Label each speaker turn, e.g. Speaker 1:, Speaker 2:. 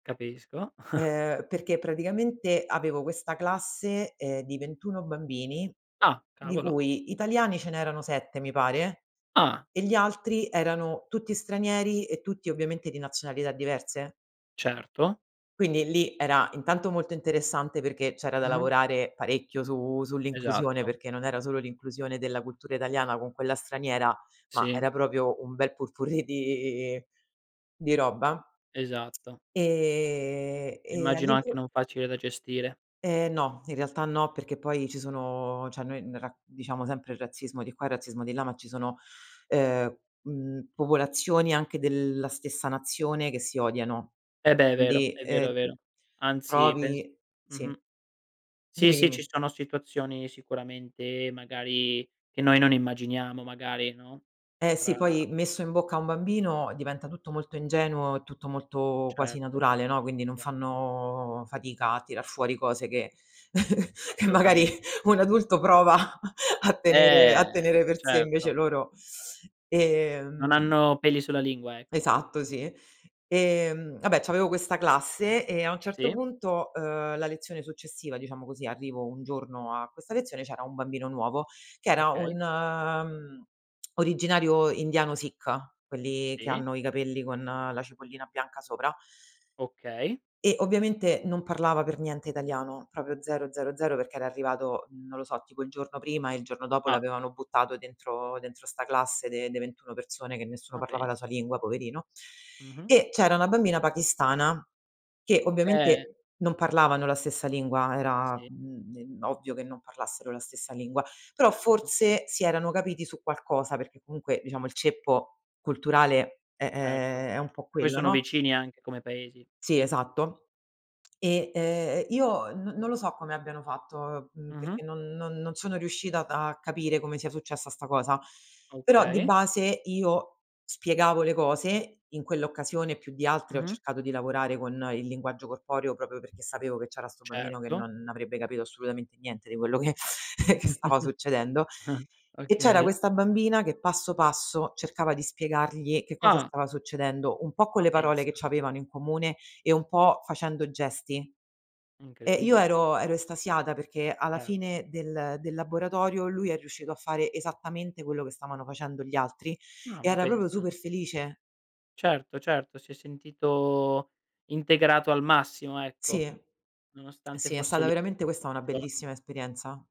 Speaker 1: Capisco.
Speaker 2: Ehm, perché praticamente, avevo questa classe, ehm, di 21 bambini.
Speaker 1: Ah!
Speaker 2: Di
Speaker 1: Cavolo!
Speaker 2: cui, italiani ce n'erano 7, mi pare,
Speaker 1: Ah!
Speaker 2: e gli altri erano tutti stranieri e tutti, ovviamente, di nazionalità diverse
Speaker 1: Certo.
Speaker 2: quindi lì, era intanto, molto interessante. Perché, c'era da
Speaker 1: Mh-mh.
Speaker 2: lavorare parecchio su sull'inclusione.
Speaker 1: Esatto.
Speaker 2: Perché non era solo l'inclusione della cultura italiana con quella straniera, ma
Speaker 1: Sì.
Speaker 2: era proprio un bel pot-pourri di di roba.
Speaker 1: Esatto.
Speaker 2: Ehm e
Speaker 1: Immagino anche,
Speaker 2: all'impro
Speaker 1: non facile da gestire.
Speaker 2: Ehm, no, in realtà no. Perché poi, ci sono cioè noi n ra noi, diciamo sempre il razzismo di qua e razzismo di là. Ma ci sono, ehm, mhmm, popolazioni, anche della stessa nazione, che si odiano.
Speaker 1: Eh beh, è vero.
Speaker 2: Quindi,
Speaker 1: È vero, è
Speaker 2: ehm,
Speaker 1: vero. Anzi pens
Speaker 2: provi sì,
Speaker 1: mh-mh sì,
Speaker 2: dimmi,
Speaker 1: sì ci
Speaker 2: dimmi.
Speaker 1: sono situazioni sicuramente, magari, che noi, non immaginiamo magari, no,
Speaker 2: Eh sì.
Speaker 1: fra
Speaker 2: Poi, messo in bocca a un bambino diventa tutto molto ingenuo, tutto molto quasi
Speaker 1: Certo,
Speaker 2: naturale, no, quindi, non
Speaker 1: certo.
Speaker 2: fanno fatica a tirar fuori cose che che magari
Speaker 1: Assolutamente.
Speaker 2: un adulto prova, a tenere
Speaker 1: Eh,
Speaker 2: a tenere per sé invece
Speaker 1: certo.
Speaker 2: loro
Speaker 1: Non
Speaker 2: ehm
Speaker 1: hanno peli sulla lingua, ecco.
Speaker 2: esatto, sì. Ehm, ah beh, c'avevo questa classe e a un certo,
Speaker 1: Sì.
Speaker 2: punto, uhm, la lezione successiva diciamo così, arrivo un giorno a questa lezione e c'era un bambino nuovo. Che era
Speaker 1: Okay.
Speaker 2: un, mhmm, originario indiano Sikh. Quelli che
Speaker 1: Sì.
Speaker 2: hanno i cappelli, con la cipollina bianca sopra
Speaker 1: Okay.
Speaker 2: eh, ovviamente non parlava per niente italiano, proprio 0, 0, 0. Perché era arrivato non lo so, tipo il giorno prima e il giorno dopo
Speaker 1: Ah.
Speaker 2: l'avevano buttato dentro dentro 'sta classe de de 21 persone, che nessuno
Speaker 1: Ma
Speaker 2: parlava la sua
Speaker 1: pensa.
Speaker 2: lingua, poverino.
Speaker 1: Mh-mh.
Speaker 2: E c'era una bambina pakistana, che
Speaker 1: Eh.
Speaker 2: ovviamente, non parlavano la stessa lingua. Era,
Speaker 1: Sì.
Speaker 2: mhmm, de ovvio che non parlassero la stessa lingua. Però
Speaker 1: Certo.
Speaker 2: forse, si erano capiti su qualcosa. Perché comunque, diciamo il ceppo culturale è ehm,
Speaker 1: Certo.
Speaker 2: è un po'
Speaker 1: Poi
Speaker 2: quello,
Speaker 1: sono
Speaker 2: no?
Speaker 1: vicini anche come paesi.
Speaker 2: Sì,
Speaker 1: Sì.
Speaker 2: esatto. E, uhm, io non non lo so come abbiano fatto. Mhmm,
Speaker 1: Mh-mh.
Speaker 2: perché non non non sono riuscita a capire come sia successa sta cosa. Però, di
Speaker 1: Okay.
Speaker 2: base, io spiegavo le cose, in quell'occasione più di altre, ho
Speaker 1: Mh-mh.
Speaker 2: cercato di lavorare con il linguaggio corporeo, proprio perché sapevo che c'era sto bambino che
Speaker 1: Certo.
Speaker 2: non avrebbe capito assolutamente niente di quello che che stava succedendo. E c'era
Speaker 1: Okay.
Speaker 2: questa bambina, che passo, passo cercava di spiegargli che cosa
Speaker 1: Ah.
Speaker 2: stava succedendo. Un po' con
Speaker 1: Ma
Speaker 2: le parole che
Speaker 1: pensa.
Speaker 2: c'avevano in comune, e un po' facendo gesti. Ehm, io,
Speaker 1: Incredibile.
Speaker 2: ero ero estasiata. Perché alla
Speaker 1: Certo.
Speaker 2: fine del del laboratorio, lui è riuscito a fare esattamente quello che stavano facendo gli altri
Speaker 1: Ah,
Speaker 2: e
Speaker 1: ma
Speaker 2: era proprio,
Speaker 1: pensa.
Speaker 2: super felice.
Speaker 1: Certo, certo. Si è sentito integrato al massimo,
Speaker 2: Sì,
Speaker 1: ecco. Nonostante
Speaker 2: sì. È
Speaker 1: fosse
Speaker 2: stata
Speaker 1: lì
Speaker 2: veramente
Speaker 1: [unintelligible]
Speaker 2: questa, una
Speaker 1: giorni.
Speaker 2: bellissima esperienza.